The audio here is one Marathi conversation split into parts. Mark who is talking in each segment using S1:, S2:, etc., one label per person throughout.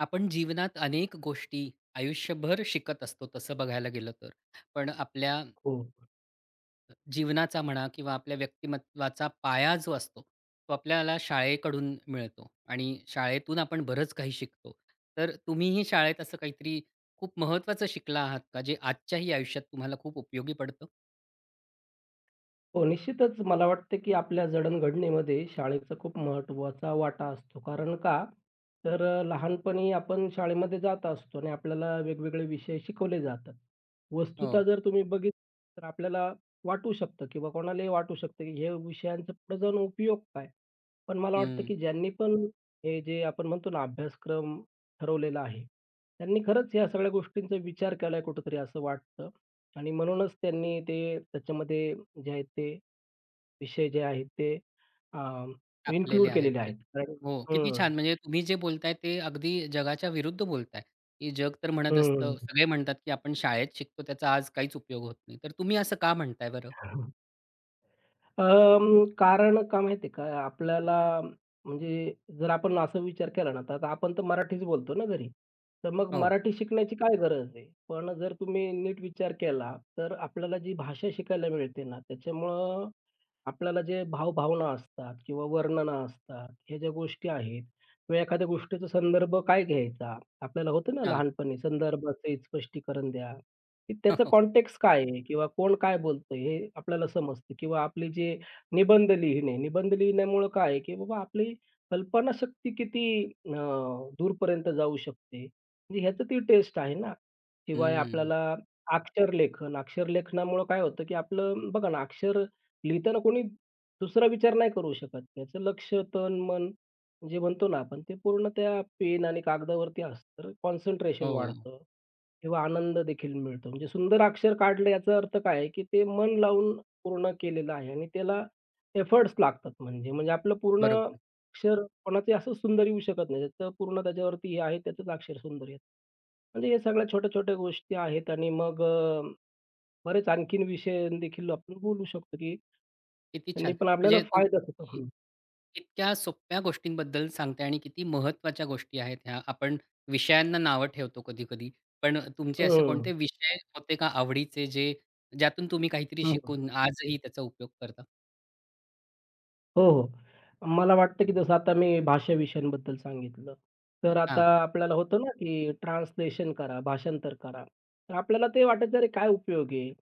S1: आपण जीवनात अनेक गोष्टी, आयुष्यभर शिकत असतो तसं बघायला गेलं तर. पण आपल्या
S2: हो.
S1: अ, जीवनाचा म्हणा किंवा आपल्या व्यक्तिमत्त्वाचा पाया जो असतो, तो आपल्याला शाळेकडून मिळतो. आणि शाळेतून आपण बरंच काही शिकतो. तर तुम्हीही शाळेत असं काहीतरी खूप महत्त्वाचं शिकला आहात का? जे आजच्याही आयुष्यात तुम्हाला खूप उपयोगी पडतं?
S2: हो, निश्चितच मला वाटतं, की आपल्या जडणघडणीमध्ये शाळेचा खूप महत्त्वाचा वाटा असतो. कारण का? तर अ, लहानपणी आपण शाळेमध्ये जात असतो आणि आपल्याला वेगवेगळे विषय शिकवले जातात. वस्तुतः
S1: हो.
S2: जर तुम्ही बघितली तर आपल्याला वाटू शकतं किंवा कोणालाही वाटू शकतं, की ह्या विषयांचा पुढे जाऊन उपयोग काय? पण मला वाटतं,
S1: हं.
S2: की ज्यांनी पण हे जे आपण म्हणतो ना अभ्यासक्रम ठरवलेला आहे. त्यांनी खरंच ह्या सगळ्या गोष्टींचा विचार केलाय कुठेतरी असं वाटतं आणि म्हणूनच त्यांनी ते त्याच्यामध्ये जे आहेत ते, विषय जे आहेत ते, अं,
S1: टाकलेले
S2: इन्क्लूड
S1: आहेत.
S2: केलेले आहेत. कारण
S1: हो, किती
S2: हं.
S1: छान म्हणजे तुम्ही जे बोलताय ते अगदी जगाच्या विरुद्ध बोलताय. की जग तर म्हणत असतं,
S2: हं.
S1: सगळे म्हणतात, की आपण शाळेत शिकतो त्याचा आज काहीच उपयोग होत नाही. तर तुम्ही असं का म्हणताय बरं?
S2: अं, कारण का माहितेय का, आपल्याला म्हणजे जर आपण असा विचार केला ना, तर आता आपण तर मराठीच बोलतो ना घरी, तर मग
S1: हो.
S2: मराठी शिकण्याची काय गरज आहे. पण जर तुम्ही नीट विचार केला, तर आपल्याला जी भाषा शिकायला मिळते ना त्याच्यामुळं, आपल्याला जे भाव-भावना असतात, किंवा वर्णनं असतात, ह्या ज्या गोष्टी आहेत किंवा एखाद्या गोष्टीचा संदर्भ काय घ्यायचा. आपल्याला होतं ना
S1: हं.
S2: लहानपणी संदर्भसहित स्पष्टीकरण द्या. त्याचं कॉन्टेक्स्ट काय आहे? किंवा कोण काय बोलतंय हे आपल्याला समजतं. किंवा आपले जे निबंध लिहिणे, निबंध लिहिण्यामुळं काय आहे, की बाबा आपली कल्पनाशक्ती किती अ, दूरपर्यंत जाऊ शकते. म्हणजे ह्याचं ती टेस्ट आहे ना. शिवाय
S1: हं.
S2: आपल्याला अक्षरलेखन, अक्षरलेखनामुळं काय होतं, की आपलं बघा ना अक्षर लिहिताना कोणी दुसरा विचार नाही करू शकत. त्याचं लक्ष्य तन-मन जे म्हणतो ना आपण ते पूर्ण त्या पेन आणि कागदावरती असतं, तर कॉन्सन्ट्रेशन
S1: हो.
S2: वाढतं. किंवा आनंददेखील मिळतो. म्हणजे सुंदर अक्षर काढलं याचा अर्थ काय आहे, की ते मन लावून पूर्ण केलेलं आहे आणि त्याला एफोर्ट्स लागतात म्हणजे-म्हणजे आपलं पूर्ण
S1: बरोबर.
S2: अक्षर कोणाचंही असंच सुंदर येऊ शकत नाही. त्याचं पूर्ण त्याच्यावरती हे आहे त्याचंच अक्षर सुंदर येतं. म्हणजे ह्या सगळ्या छोट्या-छोट्या गोष्टी आहेत आणि मग अ, बरेच आणखीन विषयदेखील आपण बोलू शकतो, की
S1: किती छान,
S2: त्यांनी पण आपल्याला
S1: म्हणजे,
S2: फायदा होतो.
S1: तुम्ही
S2: हं.
S1: इतक्या सोप्या गोष्टींबद्दल सांगताय आणि किती महत्त्वाच्या गोष्टी आहेत ह्या. आपण विषयांना नावं ठेवतो कधी-कधी. पण अ, तुमचे
S2: हं,
S1: असे
S2: हं,
S1: कोणते
S2: हं.
S1: विषय होते का आवडीचे, जे ज्यातून तुम्ही काहीतरी
S2: हं, हं.
S1: शिकून आजही त्याचा उपयोग करता?
S2: हो, हो. मला वाटतं, की जसं आता मी भाषा विषयांबद्दल सांगितलं. तर आता
S1: हां.
S2: आपल्याला होतं ना, की ट्रान्सलेशन करा, भाषांतर करा. तर आपल्याला ते वाटायचं, अरे, काय उपयोग आहे?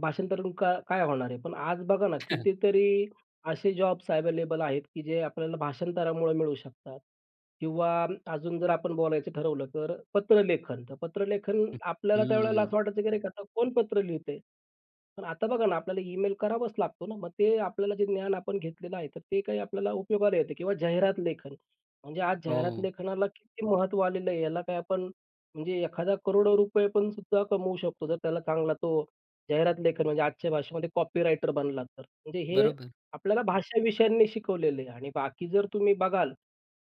S2: भाषांतर करून काय होणार आहे? पण आज बघा ना, कितीतरी असे जॉब्स अवेलेबल आहेत, की जे आपल्याला भाषांतरामुळे मिळू शकतात. किंवा अजून जर आपण बोलायचं ठरवलं तर पत्रलेखन. तर पत्रलेखन
S1: हं,
S2: आपल्याला त्यावेळेला
S1: हं.
S2: असं वाटायचं, की अरे, आता कोण पत्र लिहितंय? पण आता बघा ना, आपल्याला ईमेल करावाच लागतो ना. मग ते आपल्याला जे ज्ञान आपण घेतलेलं आहे, तर ते काय आपल्याला उपयोगाला येतं किंवा जाहिरात लेखन. म्हणजे आज जाहिरात
S1: हो.
S2: लेखनाला किती महत्त्व आलेलं आहे. याला काय आपण म्हणजे एखादा करोडो रुपये पण सुद्धा कमवू शकतो. जर त्याला चांगला तो जाहिरात लेखन म्हणजे आजच्या भाषेमध्ये कॉपीराइटर बनला तर. म्हणजे हे
S1: बरोबर.
S2: आपल्याला भाषा विषयांनी शिकवलेलं आहे आणि बाकी जर तुम्ही बघाल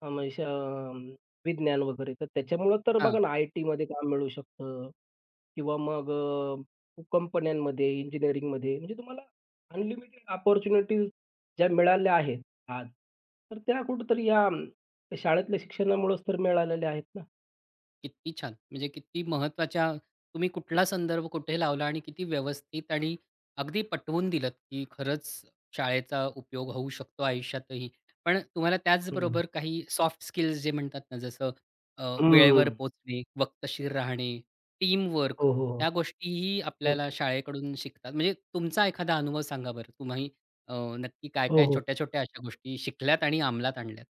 S2: [unintelligible] विज्ञान वगैरे, तर त्याच्यामुळं तर बघा
S1: हां.
S2: ना, आयटीमध्ये काम मिळू शकतं. किंवा मग अ, कंपन्यांमध्ये, इंजिनिअरिंगमध्ये म्हणजे तुम्हाला अनलिमिटेड ऑपर्चुनिटी ज्या मिळाल्या आहेत आज. तर त्या कुठेतरी या शाळेतल्या शिक्षणामुळेच तर मिळालेल्या आहेत ना.
S1: किती छान, म्हणजे किती महत्त्वाच्या तुम्ही कुठला संदर्भ कुठे लावला आणि किती व्यवस्थित आणि अगदी पटवून दिलंत, की खरंच शाळेचा उपयोग होऊ शकतो आयुष्यातही. पण तुम्हाला
S2: हं.
S1: त्याचबरोबर काही सॉफ्ट स्किल्स जे म्हणतात ना, जसं अ, वेळेवर
S2: हं.
S1: पोहोचणे, वक्तशीर राहणे, टीमवर्क,
S2: हो, हो, हो.
S1: ह्या गोष्टीही
S2: हो.
S1: आपल्याला शाळेकडून शिकतात. म्हणजे तुमचा एखादा अनुभव सांगा बरं. तुम्ही अ, नक्की
S2: हो,
S1: काय-काय,
S2: हो.
S1: छोट्या-छोट्या अशा गोष्टी शिकल्यात आणि अंमलात आणल्यात?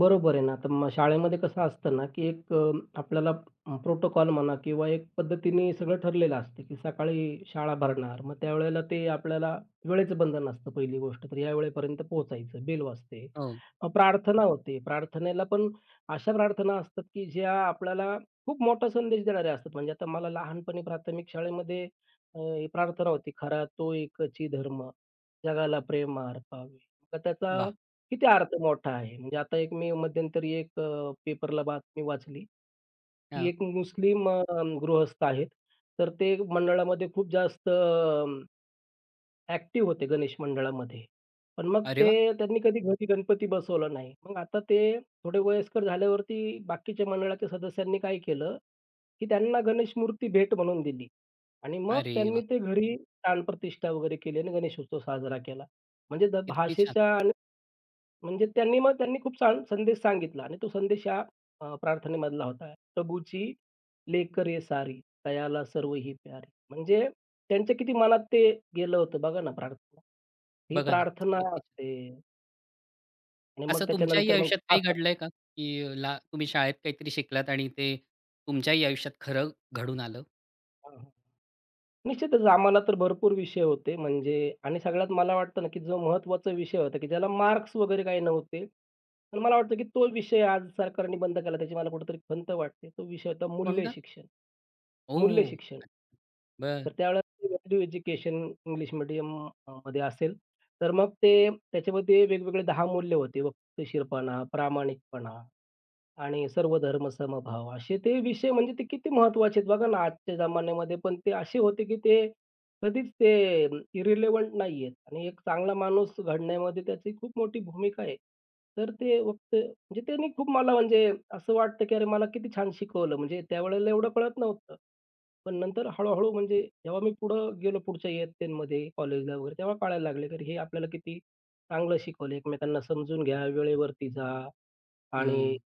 S2: बरोबर आहे ना, तर मग शाळेमध्ये कसं असतं ना, की एक आपल्याला प्रोटोकॉल म्हणा किंवा एक पद्धतीने सगळं ठरलेलं असतं, की सकाळी शाळा भरणार. मग त्यावेळेला ते आपल्याला वेळेचं बंधन असतं. पहिली गोष्ट तर या वेळेपर्यंत पोहोचायचं. बेल वाजते.
S1: हो.
S2: प्रार्थना होते. मग प्रार्थनेला पण अशा प्रार्थना असतात, की ज्या आपल्याला खूप मोठा संदेश देणाऱ्या असतात. म्हणजे आता मला लहानपणी प्राथमिक शाळेमध्ये अ, प्रार्थना होती, "खरा तो एकची धर्म, जगाला प्रेम अर्पावे." तर त्याचा
S1: वाह!
S2: किती अर्थ मोठा आहे. म्हणजे आता एक मी मध्यंतरी एक अ, पेपरला बातमी वाचली, की
S1: हां.
S2: एक मुस्लिम अ, गृहस्थ आहेत. तर ते मंडळामध्ये खूप जास्त एक्टिव्ह होते गणेश मंडळामध्ये. पण मग
S1: अरे
S2: ते
S1: वाह!
S2: त्यांनी कधी घरी गणपती बसवलं नाही. मग आता ते थोडे वयस्कर झाल्यावरती बाकीच्या मंडळाच्या सदस्यांनी काय केलं, की त्यांना गणेशमूर्ती भेट म्हणून दिली आणि मग
S1: अरे
S2: त्यांनी
S1: वाह!
S2: ते घरी प्राणप्रतिष्ठा वगैरे केली आणि गणेशोत्सव साजरा केला. म्हणजे जर
S1: किती छान.
S2: भाषेच्या आणि म्हणजे त्यांनी मग त्यांनी खूप छान संदेश सांगितला आणि तो संदेश या अ, प्रार्थनेमधला होता. प्रभूची लेकरे सारी, तयाला सर्वही प्यारी, म्हणजे त्यांच्या किती मनात ते गेलं होतं बघा ना, प्रार्थना. ही
S1: बघा ना,
S2: प्रार्थना
S1: किती छान.
S2: असते. आणि मग
S1: असं तुमच्याही
S2: त्याच्यानंतर मग
S1: आयुष्यात काही
S2: [unintelligible]
S1: घडलंय का, की ला, तुम्ही शाळेत काहीतरी शिकलात आणि ते तुमच्याही आयुष्यात खरं घडून आलं?
S2: हां, हां, निश्चितच आम्हाला तर भरपूर विषय होते म्हणजे आणि सगळ्यात मला वाटतं ना, की जो महत्त्वाचा विषय होता, की ज्याला मार्क्स वगैरे काही नव्हते. पण मला वाटतं, की तो विषय आज सरकारने बंद केला, त्याची मला कुठेतरी खंत वाटते. तो विषय होता
S1: कोणता?
S2: मूल्यशिक्षण,
S1: ओह!
S2: मूल्यशिक्षण.
S1: [unintelligible]
S2: तर
S1: बरं.
S2: त्यावेळेला व्हॅल्यू एज्युकेशन इंग्लिश मीडियम म मध्ये असेल, तर मग ते त्याच्यामध्ये वेगवेगळे 10 मूल्य होते. वक्तशीरपणा, प्रामाणिकपणा आणि सर्वधर्म समभाव असे ते विषय म्हणजे ते किती महत्त्वाचे आहेत बघा ना, आजच्या जमान्यामध्ये पण ते असे होते, की ते कधीच ते इर्रेलेवेंट नाहीयेत आणि एक चांगला माणूस घडण्यामध्ये त्याची खूप मोठी भूमिका आहे. तर ते फक्त म्हणजे त्यांनी खूप मला म्हणजे असं वाटतं, की अरे, मला किती छान शिकवलं. म्हणजे त्यावेळेला एवढं कळत नव्हतं. पण नंतर हळू-हळू म्हणजे जेव्हा मी पुढं गेलो पुढच्या इयत्तेनमध्ये कॉलेजला वगैरे तेव्हा कळायला लागले, की हे आपल्याला किती चांगलं शिकवलं. एकमेकांना समजून घ्या. वेळेवरती जा. आणि
S1: हं.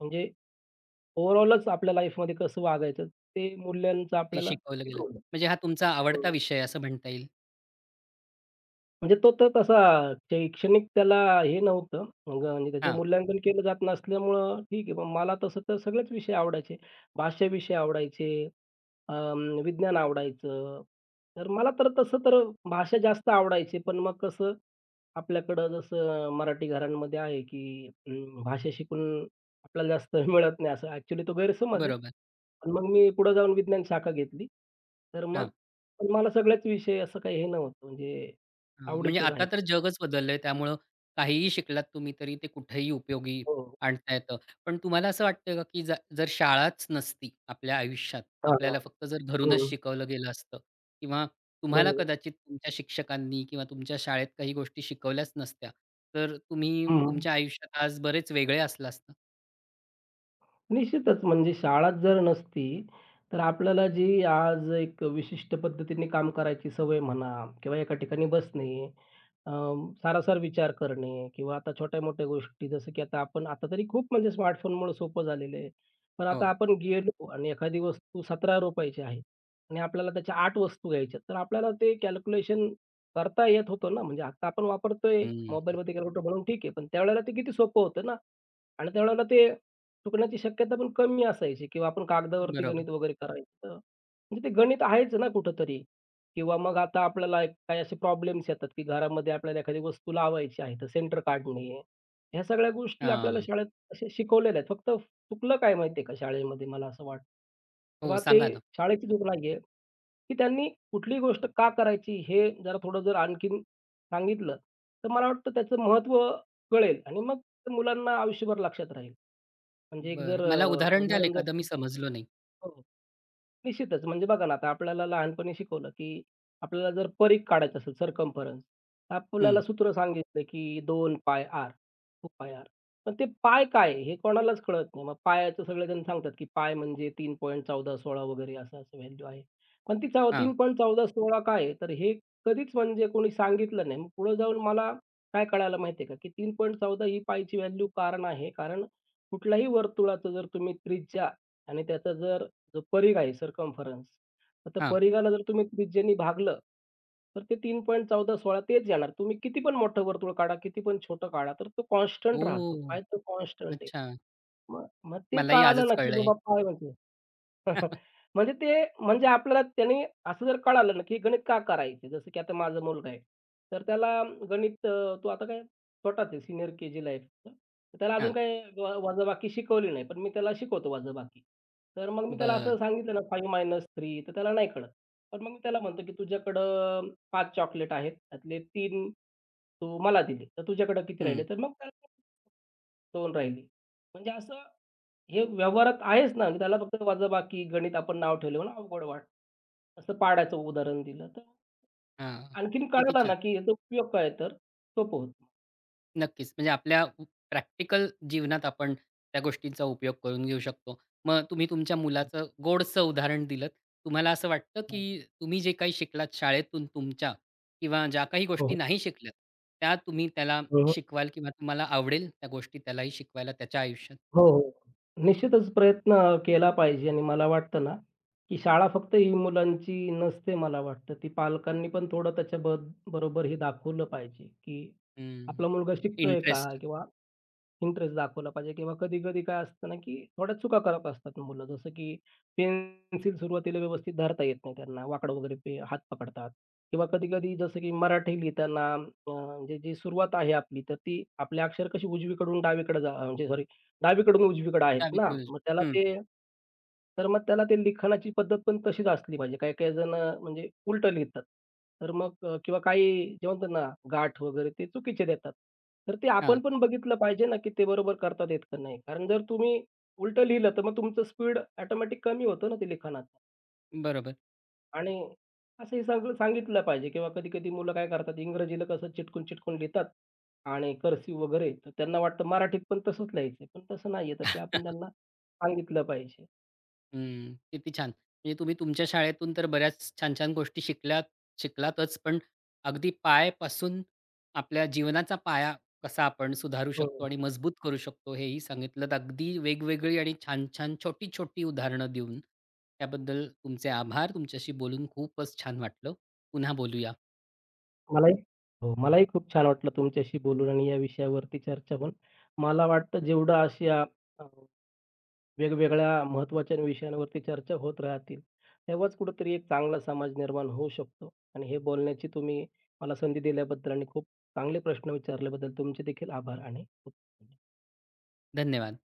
S2: म्हणजे ओव्हरऑलच आपल्या लाईफमध्ये कसं वागायचं ते मूल्यांचं
S1: ते
S2: आपल्याला
S1: शिकवलं गेलं.
S2: शिकवलं.
S1: म्हणजे हा तुमचा आवडता
S2: हं.
S1: विषय आहे असं म्हणता येईल.
S2: म्हणजे तो तर तसा शैक्षणिक त्याला हे नव्हतं. मग आणि त्याचं
S1: हां.
S2: मूल्यांकन केलं जात नसल्यामुळं ठीक आहे. मग मला तसं तर सगळेच विषय आवडायचे. भाष्य विषय आवडायचे, अ, विज्ञान आवडायचं. तर मला तर तसं तर भाषा जास्त आवडायचे पण मग कसं, आपल्याकडं जसं मराठी घरांमध्ये आहे की अं, भाषा शिकून आपल्याला स्थळ मिळत नाही असं एक्चुअली तो गैरसमज आहे.
S1: बरोबर.
S2: पण मग मी पुढे जाऊन विज्ञान शाखा घेतली. तर मग
S1: हां.
S2: मला सगळ्याच विषय असं काही हे नव्हतं म्हणजे
S1: हं. म्हणजे
S2: आवडीचेच
S1: आता
S2: आहेत.
S1: तर जगच बदललंय त्यामुळं काहीही शिकलात तुम्ही तरी ते कुठेही उपयोगी
S2: हो.
S1: आणता येतं. पण तुम्हाला असं वाटतंय का, की ज जर शाळाच नसती आपल्या आयुष्यात,
S2: हां,
S1: आपल्याला
S2: हां.
S1: फक्त जर धरूनच
S2: हं.
S1: शिकवलं गेलं असतं, किंवा तुम्हाला
S2: बरोबर.
S1: कदाचित तुमच्या शिक्षकांनी किंवा तुमच्या शाळेत काही गोष्टी शिकवल्याच नसत्या. तर तुम्ही
S2: हं, हं.
S1: तुमच्या आयुष्यात आज बरेच वेगळे असला असता?
S2: निश्चितच म्हणजे शाळात जर नसती तर, आपल्याला जी आज एक विशिष्ट पद्धतीने काम करायची सवय म्हणा, किंवा एका ठिकाणी बसणे, अ, सारासार विचार करणे, किंवा आता छोट्या-मोठ्या गोष्टी जसं, की आता आपण आता तरी खूप म्हणजे स्मार्टफोनमुळे सोपं झालेलं आहे. पण आता
S1: हो.
S2: आपण गेलो आणि एखादी वस्तू ₹17 ची आहे आणि आपल्याला त्याच्या 8 वस्तू घ्यायच्यात. तर आपल्याला ते कॅल्क्युलेशन करता येत होतं ना. म्हणजे आत्ता आपण वापरतोय
S1: हं, हं.
S2: मोबाईलमध्ये कॅक्युलेटर म्हणून ठीक आहे. पण त्यावेळेला ते किती सोपं होतं ना आणि त्यावेळेला ते चुकण्याची शक्यता पण कमी असायची किंवा आपण कागदावरती
S1: बरोबर.
S2: गणित वगैरे करायचं. तर म्हणजे ते गणित आहेच ना कुठेतरी. किंवा मग आता आपल्याला काही असे प्रॉब्लेम्स येतात की घरामध्ये आपल्याला एखादी वस्तू लावायची आहे तर सेंटर काढणे. ह्या सगळ्या गोष्टी आपल्याला
S1: हां.
S2: शाळेत असे शिकवलेल्या आहेत. फक्त चुकलं काय माहितीये का शाळेमध्ये, मला असं वाटतं, की
S1: हो.
S2: बा ते
S1: सांगा ना.
S2: शाळेची चूक नाहीये. ती त्यांनी कुठली गोष्ट का करायची हे जरा थोडं जर आणखीन सांगितलं तर मला वाटतं त्याचं महत्त्व कळेल आणि मग मुलांना आयुष्यभर लक्षात राहील. म्हणजे एक जर
S1: बरं. मला
S2: अ,
S1: उदाहरण द्याल
S2: उदाहरण जर
S1: एखाद? मी
S2: घेतलं
S1: समजलो नाही.
S2: हो. निश्चितच म्हणजे बघा ना आता आपल्याला लहानपणी शिकवलं, की आपल्याला जर परीघ काढायचं असेल, सर्कम्फरन्स. आपल्याला
S1: हं.
S2: सूत्र सांगितलं की 2πr पण ते पाय काय हे कोणालाच कळत नाही. मग पायचं सगळेजण सांगतात, की पाय म्हणजे 3.14 16 वगैरे असं-असं व्हॅल्यू आहे. पण ती चव तीन
S1: हां.
S2: पॉइंट चौदा 16 काय आहे, तर हे कधीच म्हणजे कोणी सांगितलं नाही. मग पुढे जाऊन मला काय कळायला माहिती आहे का? की 3.14 ही पायची व्हॅल्यू कारण आहे कारण कुठल्याही वर्तुळाचं जर तुम्ही त्रिज्या आणि त्याचा जर परिघ आहे, सर्कम्फरन्स. आता
S1: हां.
S2: परिघाला जर तुम्ही त्रिज्येने भागलं तर ते 3.14 16 तेच येणार. तुम्ही कितीपण मोठं वर्तुळ काढा, कितीपण छोटं काढा, तर तो कॉन्स्टंट राहतो.
S1: ओह!
S2: काय तर कॉन्स्टंट आहे.
S1: अच्छा.
S2: मग मग ते
S1: मलाही
S2: काळालं
S1: आजच
S2: ना की
S1: कळलंय हे.
S2: बाबा काय म्हणजे. म्हणजे ते म्हणजे आपल्याला त्याने असं जर कळालं ना की गणित का करायचं, जसं की आता माझा मुलगा आहे. तर त्याला गणित अ, तो आता काय छोटाच आहे सीनियर केजीला आहे फक्त. त्याला अजून
S1: हां.
S2: काही वजाबाकी शिकवली नाही, पण मी त्याला शिकवतो वजाबाकी. तर मग मी त्याला
S1: बरं.
S2: असं सांगितलं ना 5-3 तर त्याला नाही कळत. पण मग मी त्याला म्हणतो की तुझ्याकडं 5 चॉकलेट आहेत, त्यातले 3 तू मला दिले तर तुझ्याकडं किती
S1: हं.
S2: राहिले? तर मग त्याला 2 राहिली. म्हणजे असं हे व्यवहारात आहेच ना त्याला फक्त वजाबाकी गणित आपण नाव ठेवलं म्हणून अवघड वाटतं. असं पाढ्याचं उदाहरण दिलं तर.
S1: हां.
S2: आणखीन
S1: किती
S2: कळाला
S1: छान.
S2: ना की ह्याचा उपयोग काय आहे तर सोपं होतं.
S1: नक्कीच. म्हणजे, आपल्या अ, प्रॅक्टिकल जीवनात आपण त्या गोष्टींचा उपयोग करून घेऊ शकतो. मग तुम्ही तुमच्या
S2: हं.
S1: मुलाचं गोडसं उदाहरण दिलत. तुम्हाला असं वाटतं,
S2: हं, हं.
S1: की तुम्ही जे काही शिकलात शाळेतून तुमच्या, किंवा ज्या काही
S2: हो, हो.
S1: गोष्टी नाही शिकल्यात. त्या तुम्ही त्याला
S2: हो, हो.
S1: शिकवाल किंवा तुम्हाला आवडेल त्या गोष्टी त्यालाही शिकवायला त्याच्या आयुष्यात?
S2: हो हो. निश्चितच प्रयत्न अ, केला पाहिजे आणि मला वाटतं ना, की शाळा फक्त ही मुलांची नसते मला वाटतं. ती पालकांनी पण थोडं त्याच्या ब-बरोबर ही दाखवलं पाहिजे, की
S1: हं.
S2: आपला मुलगा शिकतोय का
S1: इंटरेस्ट
S2: किंवा, इंटरेस्ट दाखवला पाहिजे. किंवा कधी-कधी काय असतं ना, की थोड्या चुका करत असतात मुलं. जसं की पेन्सिल सुरुवातीला व्यवस्थित धरता येत नाही त्यांना. वाकडं वगैरे ते हात पकडतात. किंवा कधी-कधी जसं की मराठी लिहिताना, अ, म्हणजे जी सुरुवात आहे आपली, तर ती आपली अक्षर कशी उजवीकडून डावीकडे जा म्हणजे सॉरी डावीकडून उजवीकडे आहेत ना
S1: डावीकडून उजवी,
S2: मग त्याला
S1: हं.
S2: ते, तर मग त्याला ते लिखाणाची पद्धत पण तशीच असली पाहिजे. काही-काही जण म्हणजे उलटं लिहितात. तर मग किंवा काही जे म्हणतात ना गाठ वगैरे ते चुकीचे देतात. तर ते आपण
S1: हां.
S2: पण बघितलं पाहिजे ना, की ते बरोबर करता आहेत का नाही. कारण जर तुम्ही उलटं लिहिलं तर मग तुमचं स्पीड ऑटोमॅटिक कमी होतं ना ते लिखाणाच.
S1: बरोबर.
S2: आणि असं हे सगळं सांगितलं पाहिजे किंवा कधी-कधी मुलं काय करतात, इंग्रजीला कसं चिटकून-चिटकून लिहितात, आणि कर्सिव वगैरे. तर त्यांना वाटतं मराठीत पण तसंच लिहायचंय. पण तसं नाहीये तर ते आपण त्यांना सांगितलं पाहिजे.
S1: हं. किती छान. म्हणजे तुम्ही तुमच्या शाळेतून तर, बऱ्याच छान-छान गोष्टी शिकल्यात-शिकलातचं पण अगदी पायपासून आपल्या जीवनाचा पाया, कसा आपण सुधारू
S2: हं.
S1: शकतो आणि मजबूत करू शकतो हे ही सांगितलत. अगदी वेगवेगळी आणि छान-छान, छोटी-छोटी उदाहरणं देऊन. त्याबद्दल तुमचे आभार तुमच्याशी बोलून खूपच छान वाटलं. पुन्हा बोलूया.
S2: मलाही हो. मलाही खूप छान वाटलं तुमच्याशी बोलून आणि या विषयावरती चर्चा होऊन. मला वाटतं जेवढं अशा हां, हां. वेगवेगळ्या महत्त्वाच्या विषयांवरती चर्चा होत राहतील. तेव्हाच कुठेतरी एक चांगला समाज निर्माण होऊ शकतो आणि हे बोलण्याची तुम्ही मला संधी दिल्याबद्दल आणि खूप चांगले प्रश्न विचारल्याबद्दल तुमचेदेखील आभार आणि खूप
S1: धन्यवाद.